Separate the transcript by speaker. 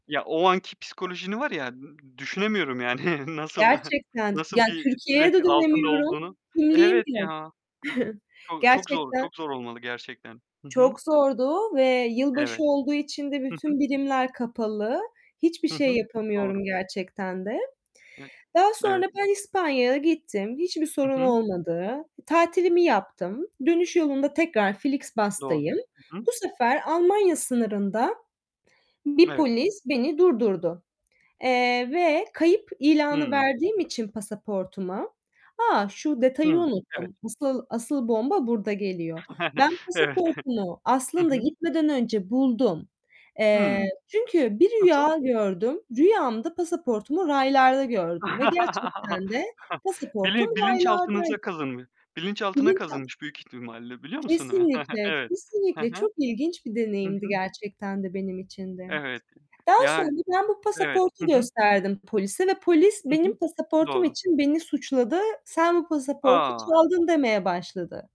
Speaker 1: Ya, o anki psikolojini var ya nı düşünemiyorum. Yani nasıl
Speaker 2: Gerçekten,
Speaker 1: nasıl
Speaker 2: yani,
Speaker 1: bir stres
Speaker 2: Türkiye'ye de
Speaker 1: altında
Speaker 2: dönemiyorum,
Speaker 1: olduğunu.
Speaker 2: kimliğim
Speaker 1: Evet,
Speaker 2: yok.
Speaker 1: ya. Çok çok zor
Speaker 2: Gerçekten
Speaker 1: çok zor olmalı gerçekten. Hı hı.
Speaker 2: çok zordu ve yılbaşı
Speaker 1: Evet.
Speaker 2: olduğu için de
Speaker 1: Hı hı.
Speaker 2: bütün birimler kapalı. Hiçbir
Speaker 1: Hı
Speaker 2: şey
Speaker 1: hı. Doğru.
Speaker 2: yapamıyorum gerçekten de.
Speaker 1: [unintelligible]
Speaker 2: Daha sonra
Speaker 1: Evet.
Speaker 2: ben İspanya'ya gittim. Hiçbir
Speaker 1: Hı
Speaker 2: sorun
Speaker 1: hı.
Speaker 2: olmadı. Tatilimi yaptım. Dönüş yolunda tekrar
Speaker 1: Doğru.
Speaker 2: Flixbus'tayım.
Speaker 1: Hı hı.
Speaker 2: Bu sefer Almanya sınırında bir
Speaker 1: Evet.
Speaker 2: polis beni durdurdu, eee, ve kayıp ilanı
Speaker 1: Hıı.
Speaker 2: verdiğim için pasaportuma A! Şu detayı
Speaker 1: Hı, evet.
Speaker 2: unuttum, asıl asıl bomba burada geliyor. Ben
Speaker 1: Evet,
Speaker 2: pasaportumu
Speaker 1: hı Hı
Speaker 2: aslında
Speaker 1: hı.
Speaker 2: gitmeden önce buldum.
Speaker 1: Hıı.
Speaker 2: Eee, çünkü bir
Speaker 1: Nasıl?
Speaker 2: rüya gördüm. Rüyamda pasaportumu raylarda gördüm ve gerçekten de pasaportum
Speaker 1: Bilin
Speaker 2: raylarday
Speaker 1: bilinçaltınıza kazınmış bilinçaltına
Speaker 2: [unintelligible]
Speaker 1: kazınmış büyük ihtimalle, biliyor musun?
Speaker 2: Kesinlikle,
Speaker 1: Evet, hı
Speaker 2: kesinlikle,
Speaker 1: hı.
Speaker 2: çok ilginç bir
Speaker 1: Hı
Speaker 2: deneyimdi
Speaker 1: hı.
Speaker 2: gerçekten de benim için de.
Speaker 1: Evet.
Speaker 2: Daha
Speaker 1: Ya
Speaker 2: sonra ben bu
Speaker 1: Evet. Hı
Speaker 2: pasaportu
Speaker 1: hı.
Speaker 2: gösterdim polise ve polis
Speaker 1: Hı
Speaker 2: benim
Speaker 1: hı.
Speaker 2: pasaportum
Speaker 1: Doğru.
Speaker 2: için beni suçladı, "Sen bu pasaportu
Speaker 1: A!
Speaker 2: çaldın." demeye başladı.